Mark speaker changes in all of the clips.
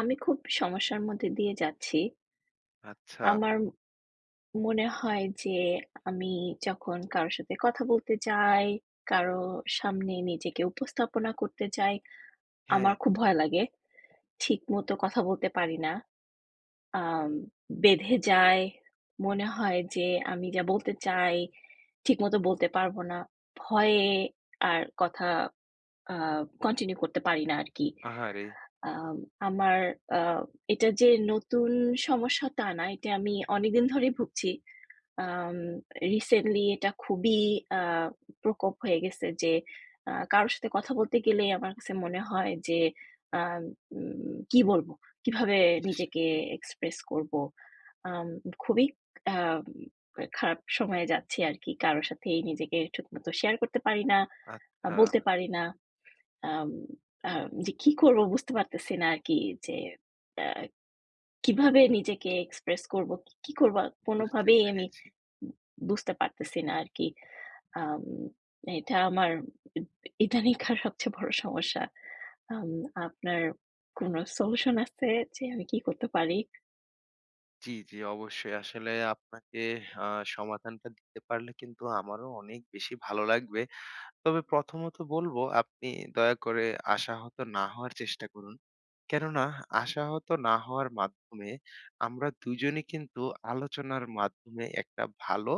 Speaker 1: আমি খুব সমস্যার মধ্যে দিয়ে যাচ্ছি।
Speaker 2: আচ্ছা।
Speaker 1: আমার মনে হয় যে, আমি যখন কারো সাথে কথা বলতে যাই, কারো সামনে নিজেকে উপস্থাপনা করতে চাই, আমার
Speaker 2: হ্যাঁ।
Speaker 1: খুব ভয় লাগে। ঠিক মতো কথা বলতে পারি না, আম বেঁধে যায়। মনে হয় যে আমি যা বলতে চাই, ঠিকমত বলতে পারব না। ভয়ে আর কথা আ কন্টিনিউ করতে পারি না আরকি।
Speaker 2: আহা রে!
Speaker 1: আম আমার আ এটা যে নতুন সমস্যা তা না। এটা আমি অনেকদিন ধরেই ভুগছি। আম রিসেন্টলি এটা খুবই আ প্রকোপ হয়ে গেছে যে আ কারো সাথে কথা বলতে গেলেই আমার কাছে মনে হয় যে, আম কী বলব? কিভাবে
Speaker 2: ইশ!
Speaker 1: নিজেকে এক্সপ্রেস করব। আম খুবই আম খারাপ সময়ে যাচ্ছি আরকি। কারো সাথেই নিজেকে ঠিকমত শেয়ার করতে পারি না,
Speaker 2: আত
Speaker 1: আ বলতে
Speaker 2: ছা।
Speaker 1: পারি না। আম আম যে কী করব বুঝতে পারতেছি না আরকি যে অ্যা কিভাবে নিজেকে এক্সপ্রেস করবো, কী করব
Speaker 2: বুঝতে
Speaker 1: কোনোভাবেই আমি,
Speaker 2: পেরেছি।
Speaker 1: উব বুঝতে পারতেছি না আরকি। আম এটা আমার ইদ ইদানকার সবচেয়ে বড় সমস্যা। আম আপনার কোনো সলিউশন আছে যে আমি কী করতে পারি?
Speaker 2: জ্বি, জ্বি, অবশ্যই। আসলে আপনাকে হা সমাধানটা দিতে পারলে কিন্তু আমারও অনেক বেশি ভালো লাগবে। তবে প্রথমত বলবো, আপনি দয়া করে আশাহত না হওয়ার চেষ্টা করুন। কেননা, আশাহত না হওয়ার মাধ্যমে আমরা দুইজনেই কিন্তু আলোচনার মাধ্যমে একটা ভালো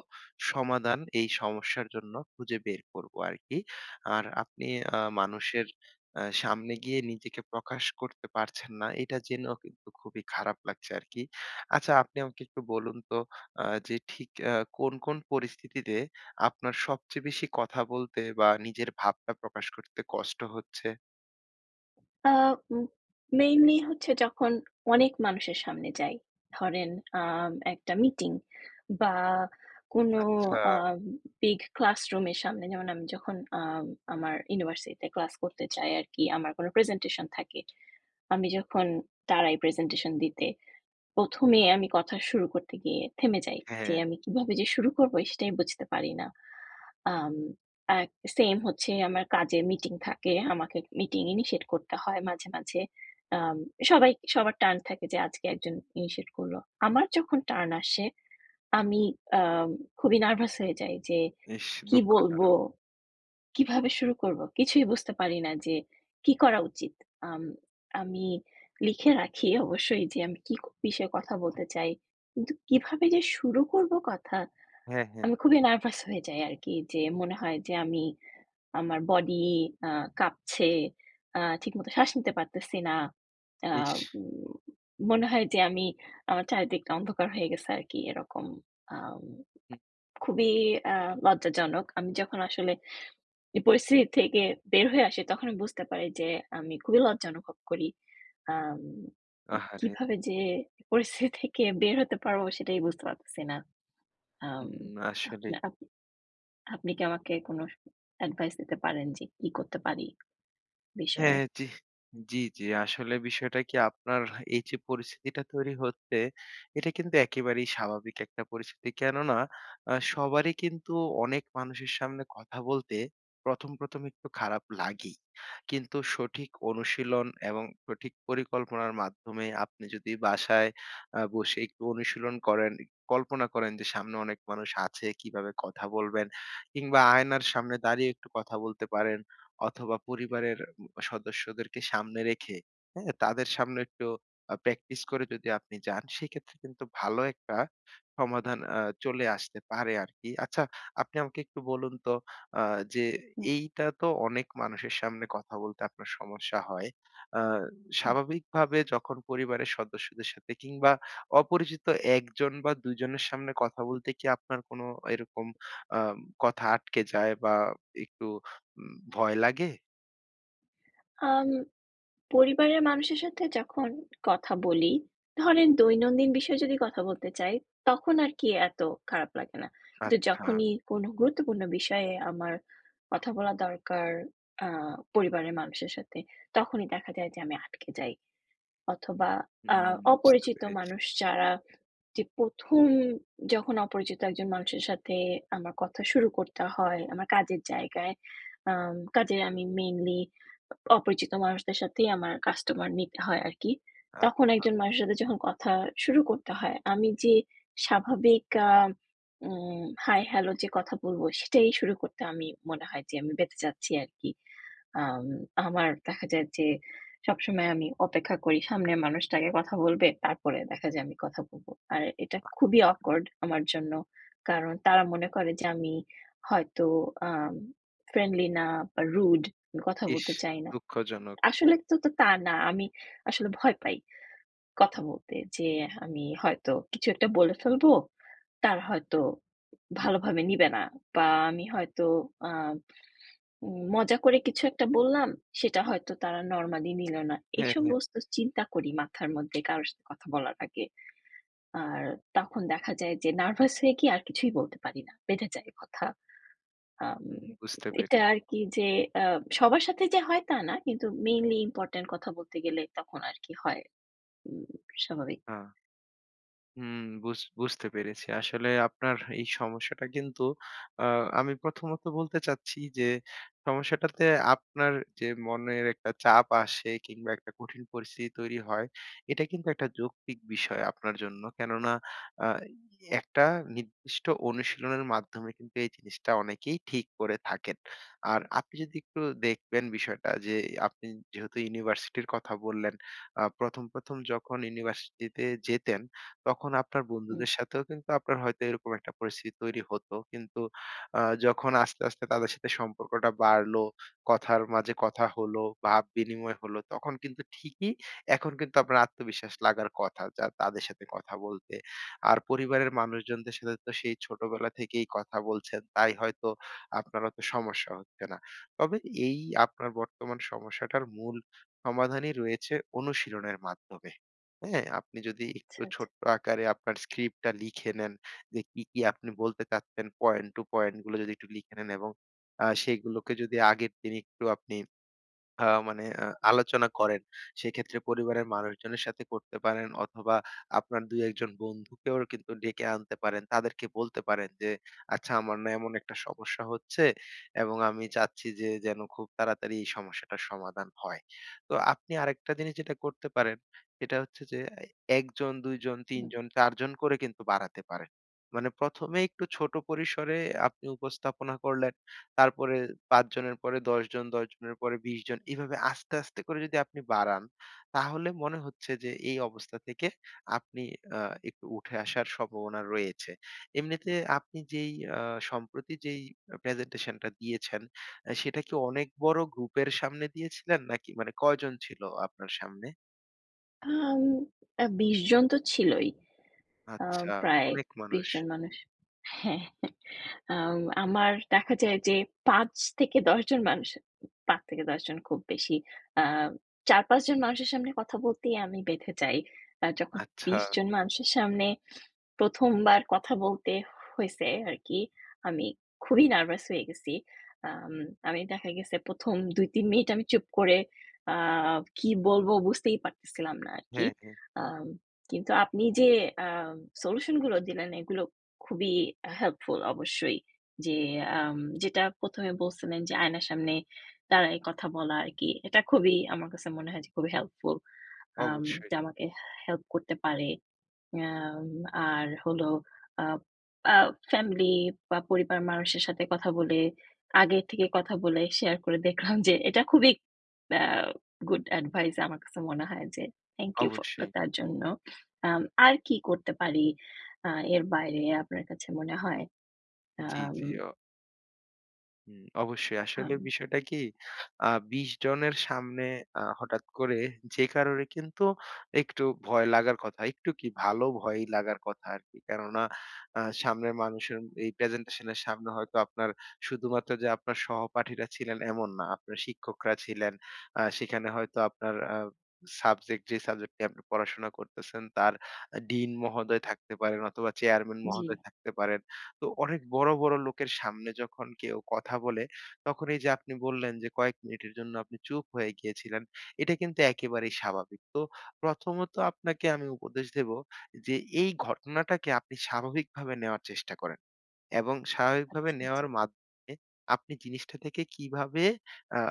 Speaker 2: সমাধান এই সমস্যার জন্য খুঁজে বের করবো আরকি। আর আপনি আ মানুষের আ সামনে গিয়ে নিজেকে প্রকাশ করতে পারছেন না, এটা জেনেও কিন্তু খুবই খারাপ লাগছে আরকি। আচ্ছা, আপনি আমাকে একটু বলুন তো আ যে, ঠিক এ কোন, কোন পরিস্থিতিতে আপনার সবচেয়ে বেশি কথা বলতে বা নিজের ভাবটা প্রকাশ করতে কষ্ট হচ্ছে?
Speaker 1: আ উম মেইনলি হচ্ছে যখন অনেক মানুষের সামনে যাই, ধরেন আ একটা মিটিং বা কোনো
Speaker 2: আচ্ছা।
Speaker 1: আ বিগ ক্লাসরুমের সামনে যেমন, আমি যখন আ আমার ইউনিভার্সিটিতে ক্লাস করতে যায় আরকি, আমার কোনো প্রেজেন্টেশন থাকে, আমি যখন দাড়াই প্রেজেন্টেশন দিতে, ১ম এ আমি কথা শুরু করতে গিয়ে থেমে যাই
Speaker 2: হ্যাঁ
Speaker 1: যে,
Speaker 2: ,হ্যাঁ।
Speaker 1: আমি কিভাবে যে শুরু করবো? সেটাই আমি বুঝতে পারি না। আম এক সেম হচ্ছে, আমার কাজে মিটিং থাকে, আমাকে মিটিং ইনিশিয়েট করতে হয় মাঝে, মাঝে। আম সবাই সবার টার্ন থাকে যে, আজকে একজন ইনিশিয়েট করলো। আমার যখন টার্ন আসে, আমি অ্যা খুবই নার্ভাস হয়ে যাই যে,
Speaker 2: ইস!
Speaker 1: কি বলবো?
Speaker 2: দুঃখজনক।
Speaker 1: কিভাবে শুরু করবো? কিছুই বুঝতে পারি না যে, কি করা উচিত? আম আমি লিখে রাখি, অবশ্যই যে আমি কি বিষয়ে কথা বলতে চাই? কিন্তু কিভাবে যে শুরু করবো কথা,
Speaker 2: হ্যাঁ, হ্যাঁ।
Speaker 1: আমি খুবই নার্ভাস হয়ে যাই আরকি, যে মনে হয় যে, আমি, আমার বডি আ কাঁপছে, আ ঠিকমত শ্বাস নিতে পারতেছি না। আ
Speaker 2: ইস!
Speaker 1: উম মনে হয় যে, আমি, আমার চারিদিকটা অন্ধকার হয়ে গেছে আরকি, এরকম। আ
Speaker 2: হু।
Speaker 1: খুবই অ্যা লজ্জাজনক। আমি যখন আসলে এই পরিস্থিতি থেকে বের হয়ে আসি, তখন আমি বুঝতে পারি যে, আমি খুবই লজ্জা অনুভব করি। আম
Speaker 2: আহারে!
Speaker 1: কিভাবে যে পরিস্থিতি থেকে বের হতে পারবো, সেটাই বুঝতে পারতেছি না। আম
Speaker 2: হুম, আসলেই।
Speaker 1: আপনা আপ আপনি কি আমাকে কোনো স অ্যাডভাইস দিতে পারেন যে, কি করতে পারি
Speaker 2: হ্যাঁ,
Speaker 1: বিষয়ে?
Speaker 2: হ্যাঁ, জি। জি, জি, আসলে বিষয়টা কি, আপনার এইযে পরিস্থিতিটা তৈরি হচ্ছে, এটা কিন্তু একেবারেই স্বাভাবিক একটা পরিস্থিতি। কেননা, আ সবারই কিন্তু অনেক মানুষের সামনে কথা বলতে ১ম, ১ম একটু খারাপ লাগেই। কিন্তু সঠিক অনুশীলন এবং সঠিক পরিকল্পনার মাধ্যমে আপনি যদি বাসায় আ বসে একটু অনুশীলন করেন, এক কল্পনা করেন যে, সামনে অনেক মানুষ আছে কিভাবে কথা বলবেন? কিংবা আয়নার সামনে দাঁড়িয়ে একটু কথা বলতে পারেন অথবা পরিবারের উম সদস্যদেরকে সামনে রেখে, হ্যাঁ, তাদের সামনে একটু আ প্র্যাকটিস করে যদি আপনি যান, সেক্ষেত্রে কিন্তু ভালো একটা সমাধান আ চলে আসতে পারে আরকি। আচ্ছা, আপনি আমাকে একটু বলুন তো আ যে,
Speaker 1: হু।
Speaker 2: এইটা তো অনেক মানুষের সামনে কথা বলতে আপনার সমস্যা হয়, আ
Speaker 1: হু।
Speaker 2: স্বাভাবিকভাবে যখন পরিবারের সদস্যদের সাথে কিংবা অপরিচিত ১জন বা ২জনের সামনে কথা বলতে কি আপনার কোনো এরকম আ কথা আটকে যায় বা একটু ভয় লাগে?
Speaker 1: আম পরিবারের মানুষের সাথে যখন কথা বলি, ধরেন দৈনন্দিন বিষয়ে যদি কথা বলতে চাই, তখন আরকি এত খারাপ লাগে না। তো
Speaker 2: আচ্ছা।
Speaker 1: যখনই কোন গুরুত্বপূর্ণ বিষয়ে আমার কথা বলা দরকার আ পরিবারের মানুষের সাথে তখনই দেখা যায় যে আমি আটকে যাই। অথবা আ
Speaker 2: হুম। বুঝতে
Speaker 1: অপরিচিত
Speaker 2: পেরেছি।
Speaker 1: মানুষ যারা, যে ১ম যখন অপরিচিত একজন মানুষের সাথে আমার কথা শুরু করতে হয়, আমার কাজের জায়গায়। আ কাজে আমি মেইনলি অপরিচিত মানুষদের সাথেই আমার কাস্টমার নিতে হয় আরকি। তখন
Speaker 2: আচ্ছা।
Speaker 1: একজন মানুষের সাথে যখন কথা শুরু করতে হয় আমি যে স্বাভাবিক আ উ হাই-হ্যালো যে কথা বলব সেটাই শুরু করতে আমি মনে হয় যে আমি বেঁজে যাচ্ছি আরকি। আ আমার দেখা যায় যে সবসময় আমি অপেক্ষা করি সামনের মানুষটা আগে কথা বলবে। তারপরে দেখা যায় আমি কথা বলব। আর এটা খুবই
Speaker 2: আচ্ছা।
Speaker 1: অকওয়ার্ড আমার জন্য। কারণ তারা মনে করে যে আমি হয়তো আ ফ্রেন্ডলি না বা রুড, আমি কথা
Speaker 2: ইস,
Speaker 1: বলতে চাই না।
Speaker 2: দুঃখজনক।
Speaker 1: আসলে তো তো তা না। আমি আসলে ভয় পাই। কথা বলতে। যে আমি হয়তো কিছু একটা বলে ফেলব। তারা হয়তো ভালোভাবে নিবে না। বা আমি হয়তো আ উ মজা করে কিছু একটা বললাম, সেটা হয়তো তারা নরমালি নিল না।
Speaker 2: হ্যাঁ,
Speaker 1: এইসব
Speaker 2: হ্যাঁ।
Speaker 1: সমস্ত চিন্তা করি মাথার মধ্যে কারো সাথে কথা বলার আগে। আর তখন দেখা যায় যে নার্ভাস হয়ে কি আর কিছুই বলতে পারি না। বেঁধে যায় কথা। আম
Speaker 2: হুম। বুঝতে
Speaker 1: এটা
Speaker 2: পেরে
Speaker 1: আরকি যে আ সবার সাথে যে হয় তা না। কিন্তু মেইনলি ইম্পোর্টেন্ট কথা বলতে গেলে তখন আরকি হয়। হুম। স্বাভাবিক
Speaker 2: হ্যাঁ। হুম। বুঝ বুঝতে পেরেছি। আসলে আপনার এই সমস্যাটা কিন্তু আ আমি প্রথমত বলতে চাচ্ছি যে, সমস্যাটাতে আপনার যে মনের একটা চাপ আসে কিংবা একটা কঠিন পরিস্থিতি তৈরি হয়। এটা কিন্তু একটা যৌক্তিক বিষয় আপনার জন্য। কেননা আ একটা নির্দিষ্ট অনুশীলনের মাধ্যমে কিন্তু এই জিনিসটা অনেকেই ঠিক করে থাকেন। আর আপনি যদি একটু দেখবেন বিষয়টা যে আপনি যেহেতু ইউনিভার্সিটির কথা বললেন, আ প্রথম, প্রথম, যখন ইউনিভার্সিটিতে যেতেন তখন আপনার
Speaker 1: হুম।
Speaker 2: বন্ধুদের সাথেও কিন্তু আপনার হয়তো এরকম একটা পরিস্থিতি তৈরি হতো। কিন্তু আ যখন আস্তে, আস্তে তাদের সাথে সম্পর্কটা বাড়লো, কথার মাঝে কথা হলো, ভাব বিনিময় হল তখন কিন্তু ঠিকই এখন কিন্তু আপনার আত্মবিশ্বাস লাগার কথা যা তাদের সাথে কথা বলতে। আর পরিবারের মানুষজনদের সাথে তো সেই ছোটবেলা থেকেই কথা বলছেন, তাই হয়তো আপনার অত সমস্যা হচ্ছে না। তবে এই আপনার বর্তমান সমস্যাটার মূল সমাধানই রয়েছে অনুশীলনের মাধ্যমে। হ্যাঁ, আপনি যদি একটু
Speaker 1: আচ্ছা, আচ্ছা।
Speaker 2: ছোট্ট আকারে আপনার স্ক্রিপ্ট টা লিখে নেন যে কি, কি, আপনি বলতে চাচ্ছেন পয়েন্ট টু পয়েন্ট গুলো যদি একটু লিখে নেন এবং আ সেগুলোকে যদি আগের দিন একটু আপনি আ মানে আ আলোচনা করেন। সেক্ষেত্রে পরিবারের মানুষজনের সাথে করতে পারেন। অথবা আপনার ২-১ জন বন্ধুকেও কিন্তু ডেকে আনতে পারেন। তাদেরকে বলতে পারেন যে, আচ্ছা, আমার না এমন একটা সমস্যা হচ্ছে এবং আমি চাচ্ছি যে যেন খুব তাড়াতাড়ি এই সমস্যাটার সমাধান হয়। তো আপনি আরেকটা জিনিস যেটা করতে পারেন, সেটা হচ্ছে যে ১ জন ২ জন ৩
Speaker 1: হুম।
Speaker 2: জন ৪ জন করে কিন্তু বাড়াতে পারেন। মানে প্রথমেই একটু ছোট পরিসরে আপনি উপস্থাপনা করলেন। তারপরে ৫ জনের পরে ১০ জন, ১০ জনের পরে ২০ জন। এভাবে আস্তে, আস্তে করে যদি আপনি বাড়ান, তাহলে মনে হচ্ছে যে এই অবস্থা থেকে আপনি আ একটু উঠে আসার সম্ভাবনা রয়েছে। এমনিতে আপনি যেই আ সম্প্রতি যেই প্রেজেন্টেশন টা দিয়েছেন আ সেটা কি অনেক বড় গ্রুপের সামনে দিয়েছিলেন নাকি মানে কয়জন ছিল আপনার সামনে?
Speaker 1: আম আ ২০ জন তো ছিলই। আম
Speaker 2: আচ্ছা,
Speaker 1: প্রায়
Speaker 2: অনেক
Speaker 1: ২০
Speaker 2: মানুষ।
Speaker 1: জন মানুষ। হ্যাঁ, আম আমার দেখা যায় যে ৫ থেকে ১০ জন মানুষ, ৫ থেকে ১০ জন খুব বেশি। আ ৪-৫ জন মানুষের সামনে কথা বলতেই আমি বেঁধে যাই। আ যখন
Speaker 2: আচ্ছা।
Speaker 1: ২০ জন মানুষের সামনে প্রথমবার কথা বলতে হইছে আরকি, আমি খুবই নার্ভাস হয়ে গেছি। আম আমি দেখা গেছে, প্রথম ২-৩ মিনিট আমি চুপ করে আ কি বলবো বুঝতেই পারতেছিলাম না আরকি।
Speaker 2: হ্যাঁ, হ্যাঁ।
Speaker 1: আম কিন্তু আপনি যে আম সলিউশনগুলো দিলেন, এগুলো খুবই হেল্পফুল অবশ্যই। যে আম যেটা প্রথমে বলছিলেন, যে আয়নার সামনে দাঁড়ায় কথা বলা আরকি। এটা খুবই, আমার কাছে মনে হয় যে, খুবই হেল্পফুল। আম
Speaker 2: অবশ্যই।
Speaker 1: এটা আমাকে হেল্প করতে পারে। এ্যা আম আর হলো আ আ ফ্যামিলি বা পরিবার মানুষের সাথে কথা বলে, আগে থেকে কথা বলে, শেয়ার করে দেখলাম যে, এটা খুবই অ্যা গুড অ্যাডভাইস আমার কাছে মনে হয় যে, থ্যাংক ইউ ফ
Speaker 2: অবশ্যই।
Speaker 1: [unintelligible] তার জন্য। আম আর কি করতে পারি আ এর বাইরে, আপনার কাছে মনে হয়?
Speaker 2: জি,
Speaker 1: আম
Speaker 2: জি, ও হুম, অবশ্যই। আসলে
Speaker 1: হাম।
Speaker 2: বিষয়টা কি আ ২০ জনের সামনে আ হঠাৎ করে যে কারোরই কিন্তু একটু ভয় লাগার কথা। একটু কি ভালো ভয়ই লাগার কথা আরকি। কেননা আ সামনের মানুষের এই প্রেজেন্টেশন এর সামনে হয়তো আপনার শুধুমাত্র যে আপনার সহপাঠীরা ছিলেন এমন না। আপনার শিক্ষকরা ছিলেন। আ সেখানে হয়তো আপনার আ সাবজেক্ট যে সাবজেক্টটি আপনি পড়াশোনা করতেছেন তার ডিন মহোদয় থাকতে পারেন অথবা চেয়ারম্যান
Speaker 1: জ্বি।
Speaker 2: মহোদয় থাকতে পারেন। তো অনেক বড়, বড় লোকের সামনে যখন কেউ কথা বলে, তখন এই যে আপনি বললেন যে কয়েক মিনিটের জন্য আপনি চুপ হয়ে গিয়েছিলেন। এটা কিন্তু একেবারেই স্বাভাবিক। তো প্রথমত আপনাকে আমি উপদেশ দেব যে এই ঘটনাটাকে আপনি স্বাভাবিকভাবে নেওয়ার চেষ্টা করেন। এবং স্বাভাবিকভাবে
Speaker 1: আচ্ছা, আচ্ছা।
Speaker 2: নেওয়ার মাধ্যমে আপনি জিনিসটা থেকে কিভাবে আ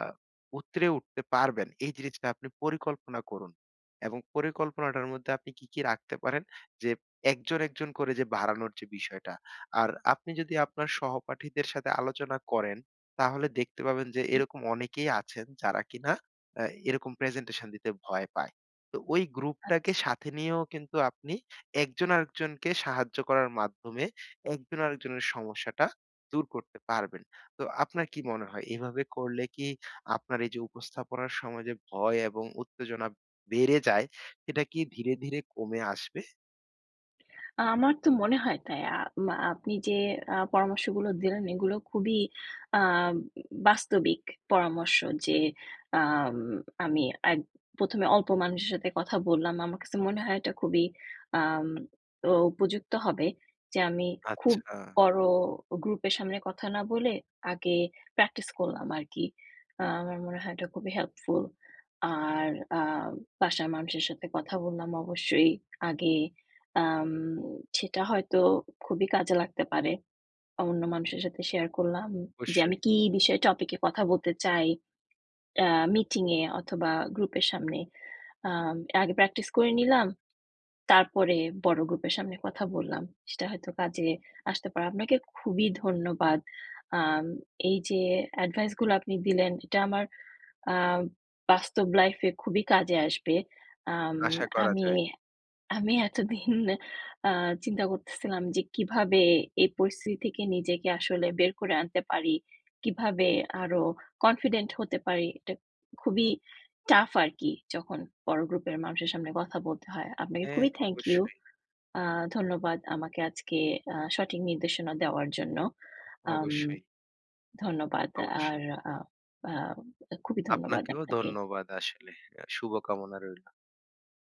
Speaker 2: উতরে উঠতে পারবেন এই জিরিসটা আপনি পরিকল্পনা করুন। এবং পরিকল্পনাটার মধ্যে আপনি কি, কি রাখতে পারেন যে একজন, একজন করে যে বাড়ানোর যে বিষয়টা। আর আপনি যদি আপনার সহপাঠীদের সাথে আলোচনা করেন তাহলে দেখতে পাবেন যে
Speaker 1: হু।
Speaker 2: এরকম অনেকেই আছেন যারা কিনা আ এরকম প্রেজেন্টেশন দিতে ভয় পায়। তো ওই গ্রুপটাকে
Speaker 1: আচ্ছা।
Speaker 2: সাথে নিয়েও কিন্তু আপনি একজন আরেকজনকে সাহায্য করার মাধ্যমে একজন আরেকজনের সমস্যাটা দূর করতে পারবেন। তো আপনার কি মনে হয় এভাবে করলে কি আপনার এই যে উপস্থাপনার সময় যে ভয় এবং উত্তেজনা বেড়ে যায় সেটা কি ধীরে, ধীরে কমে আসবে?
Speaker 1: আমার তো মনে হয় তাই। আ আম আপনি যে আ পরামর্শগুলো দিলেন এগুলো খুবই আ বাস্তবিক পরামর্শ। যে আম আমি এক প্রথমে অল্প মানুষের সাথে কথা বললাম। আমার কাছে মনে হয় এটা খুবই আম তো উপযুক্ত হবে। যে আমি খুব
Speaker 2: আচ্ছা।
Speaker 1: বড় গ্রুপের সামনে কথা না বলে আগে প্র্যাকটিস করলাম আরকি। আমার মনে হয় এটা খুবই হেল্পফুল। আর আ বাসার মানুষের সাথে কথা বললাম অবশ্যই আগে। আম সেটা হয়তো খুবই কাজে লাগতে পারে। অন্য মানুষের সাথে শেয়ার করলাম যে আমি
Speaker 2: অবশ্যই।
Speaker 1: কি বিষয়ে টপিক এ কথা বলতে চাই। টা মিটিং এ অথবা গ্রুপের সামনে। আম আগে প্র্যাকটিস করে নিলাম। তারপরে বড় গ্রুপের সামনে কথা বললাম। সেটা হয়তো কাজে আসতে পারে। আপনাকে খুবই ধন্যবাদ। আম এই যে এডভাইস গুলো আপনি দিলেন এটা আমার আ বাস্তব লাইফ এ খুবই কাজে আসবে। আম
Speaker 2: আশা করা
Speaker 1: আমি
Speaker 2: যায়।
Speaker 1: আমি এতদিন আ চিন্তা করতেছিলাম যে কিভাবে এই পরিস্থিতি থেকে নিজেকে আসলে বের করে আনতে পারি। কিভাবে আরো কনফিডেন্ট হতে পারি। এটা খুবই টাফ আরকি যখন বড় গ্রুপের মানুষের সামনে কথা বলতে হয়। আপনাকে
Speaker 2: হ্যাঁ,
Speaker 1: খুবই থ্যাংক ইউ
Speaker 2: অবশ্যই।
Speaker 1: আ ধন্যবাদ আমাকে আজকে আ সঠিক নির্দেশনা দেওয়ার জন্য। আম
Speaker 2: অবশ্যই।
Speaker 1: ধন্যবাদ
Speaker 2: অবশ্যই।
Speaker 1: আর আ আ খুবই ধন্যবাদ
Speaker 2: আপনাকেও
Speaker 1: আপনাকে।
Speaker 2: ধন্যবাদ আসলে, শুভকামনা রইল।